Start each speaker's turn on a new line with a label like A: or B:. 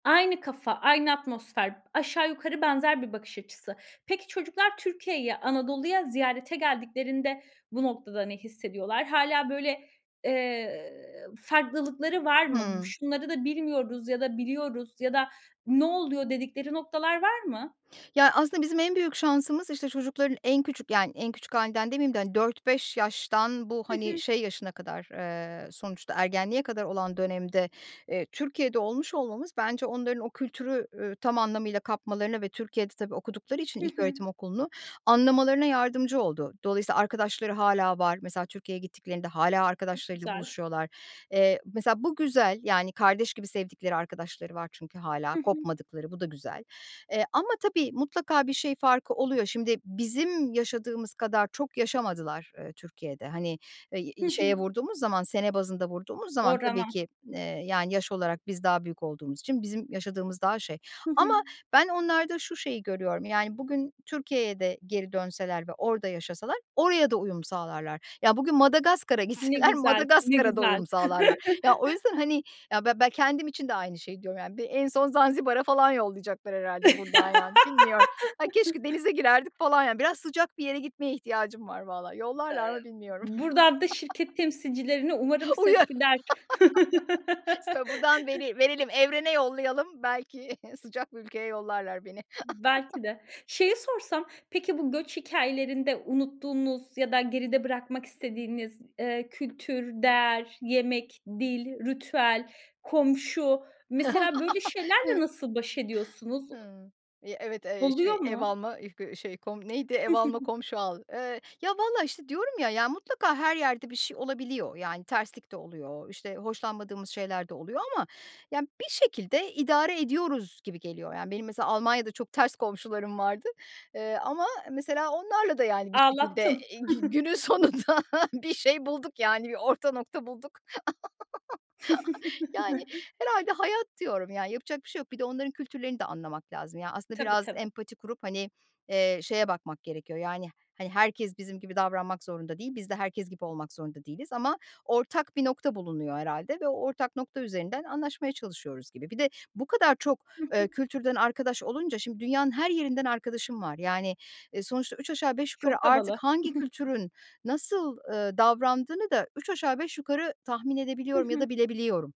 A: Aynı kafa, aynı atmosfer, aşağı yukarı benzer bir bakış açısı. Peki, çocuklar Türkiye'yi, Anadolu'ya ziyarete geldiklerinde bu noktada ne hissediyorlar? Hâlâ böyle, eee, farklılıkları var mı? "Bu
B: Hımm.
A: şunları da bilmiyoruz ya da biliyoruz ya da ne oluyor?" dedikleri noktalar var mı?
B: Ya aslında bizim en büyük şansımız, işte, çocukların en küçük, yani en küçük hâlinden demeyeyim de, hani, 4-5 yaştan bu,
A: Hı
B: hani,
A: hı.
B: şey yaşına kadar, eee, sonuçta ergenliğe kadar olan dönemde, eee, Türkiye'de olmuş olmamız bence onların o kültürü, ü tam anlamıyla kapmalarına ve Türkiye'de, tabii, okudukları için
A: Hı hı.
B: ilköğretim okulunu anlamalarına yardımcı oldu. Dolayısıyla arkadaşları hâlâ var. Mesela Türkiye'ye gittiklerinde hâlâ
A: Çok
B: arkadaşlarıyla
A: güzel.
B: buluşuyorlar. Eee, mesela bu güzel, yani kardeş gibi sevdikleri arkadaşları var çünkü hâlâ
A: Hı hı.
B: kopmadıkları. Bu da güzel. Eee, ama, tabii, mutlaka bir şey farkı oluyor. Şimdi bizim yaşadığımız kadar çok yaşamadılar, eee, Türkiye'de. Hani, i
A: Hı
B: eee,
A: hı.
B: şeye vurduğumuz zaman sene bazında vurduğumuz zaman tabii
A: [unintelligible]
B: ki, eee, yani yaş olarak biz daha büyük olduğumuz için bizim yaşadığımız daha şey
A: Hı
B: ama
A: hı.
B: ben onlarda şu şeyi görüyorum. Yani bugün Türkiye'ye de geri dönseler ve orada yaşasalar oraya da uyum sağlarlar. Ya bugün Madagaskar'a
A: Ne
B: gitseler
A: güzel, ne
B: Madagaskar'a da
A: güzel.
B: uyum sağlarlar. Ya o yüzden, hani, ya be ben kendim için de aynı şeyi diyorum yani. Bir en son Zanzibar'a falan yollayacaklar herhâlde buradan yani. Bilmiyorum. Ay, keşke denize girerdik falan yani. Biraz sıcak bir yere gitmeye ihtiyacım var vallahi.
A: Eee,
B: Yollarlar mı bilmiyorum.
A: buradan da şirket temsilcilerine umarım ses
B: Uyar.
A: gider.
B: Mesela buradan veriyim verelim, evrene yollayalım. Belki sıcak bir ülkeye yollarlar beni.
A: Belki de. Şeyi sorsam, peki, bu göç hikâyelerinde unuttuğunuz ya da geride bırakmak istediğiniz, eee, kültür, değer, yemek, dil, ritüel, komşu... Mesela böyle şeylerle
B: Hıı.
A: nasıl baş ediyorsunuz? U
B: Hıı. Eee, evet, eee,
A: Oluyor
B: şey ev
A: mu?
B: alma ıh gı şey kom neydi ev alma komşu al. Eee, ya vallahi, işte, diyorum ya, ya mutlaka her yerde bir şey olabiliyor. Yani terslik de oluyor, işte, hoşlanmadığımız şeyler de oluyor ama, yani, bir şekilde idare ediyoruz gibi geliyor. Yani, benim mesela Almanya'da çok ters komşularım vardı, eee, ama mesela onlarla da yani bir şekilde,
A: Ağlattın.
B: eee, gü günün sonunda bir şey bulduk, yani, bir orta nokta bulduk. Yani herhâlde hayat diyorum. Ya yapacak bir şey yok. Bir de onların kültürlerini de anlamak lazım. Yani aslında
A: Tabii
B: biraz
A: tabii.
B: empati kurup, hani, eee, şeye bakmak gerekiyor yani, hani herkes bizim gibi davranmak zorunda değil. Biz de herkes gibi olmak zorunda değiliz ama ortak bir nokta bulunuyor herhâlde ve o ortak nokta üzerinden anlaşmaya çalışıyoruz gibi. Bir de bu kadar çok,
A: Hı hı.
B: eee, kültürden arkadaş olunca şimdi dünyanın her yerinden arkadaşım var. Yani, eee, sonuçta üç aşağı beş yukarı
A: Çok
B: artık
A: havalı.
B: hangi kültürün nasıl, eee, davrandığını da üç aşağı beş yukarı tahmin
A: Hı
B: edebiliyorum ya
A: hı.
B: da bilebiliyorum.